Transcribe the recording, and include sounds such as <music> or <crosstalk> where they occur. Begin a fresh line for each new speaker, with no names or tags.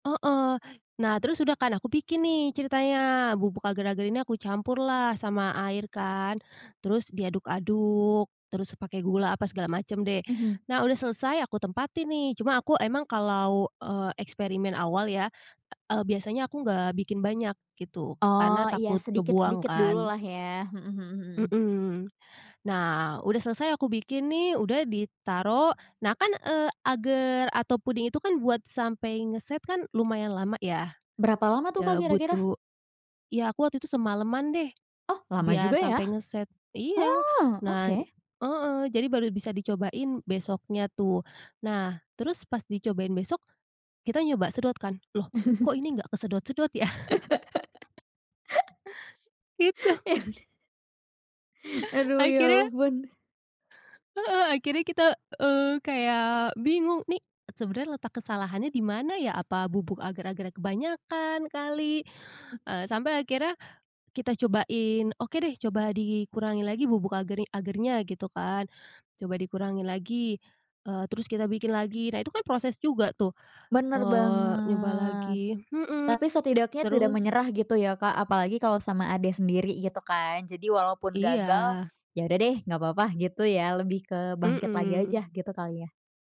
Heeh. Nah, terus udah kan aku bikin nih ceritanya, bubuk agar-agar ini aku campurlah, sama air kan. Terus diaduk-aduk, terus pakai gula apa segala macam deh.
Mhm.
Nah udah selesai, aku tempatin nih. Cuma, aku emang kalau, eee, eksperimen awal ya, eee, biasanya aku nggak bikin banyak, gitu. Karena
Oh, iya
takut kebuang
sedikit-sedikit dulu
kan.
lah ya? Mhm mhm, hmm.
Mhm. Nah, udah selesai aku bikin nih, udah ditaruh. Nah kan, eee, agar atau puding itu kan buat sampai ngeset kan lumayan lama ya.
Berapa lama tuh Kak
Eee,
kira-kira?
butuh ya, aku waktu itu semalaman deh,
Oh, lama
biar
juga ya?
sampai ngeset Iya.
Oh
Nah
oke.
heeh, baru bisa dicobain, besoknya tuh. Nah, terus pas dicobain besok, kita nyoba sedot kan, "Loh, kok ini nggak kesedot-sedot ya?".
<laughs>
Gitu.
Ya udah. Aduh, ya
Akhirnya.
ampun.
Heeh, akhirnya kita, eee, kayak bingung, nih sebenarnya letak kesalahannya di mana ya, apa bubuk agar-agarnya kebanyakan kali,
Hmm.
eee, sampai akhirnya, kita cobain, oke deh, coba dikurangi lagi bubuk agar agarnya gitu kan. Coba dikurangi lagi, eee, terus kita bikin lagi. Nah itu kan proses juga tuh,
Benar
eee, nyoba
banget.
lagi mhm,
Tapi setidaknya tidak
terus
menyerah gitu ya Kak, apalagi kalo sama adek sendiri gitu kan. Jadi walaupun gagal,
Iya.
yaudah deh nggak apa-apa gitu ya, lebih ke bangkit lagi aja,
Mhm.
gitu kali ya.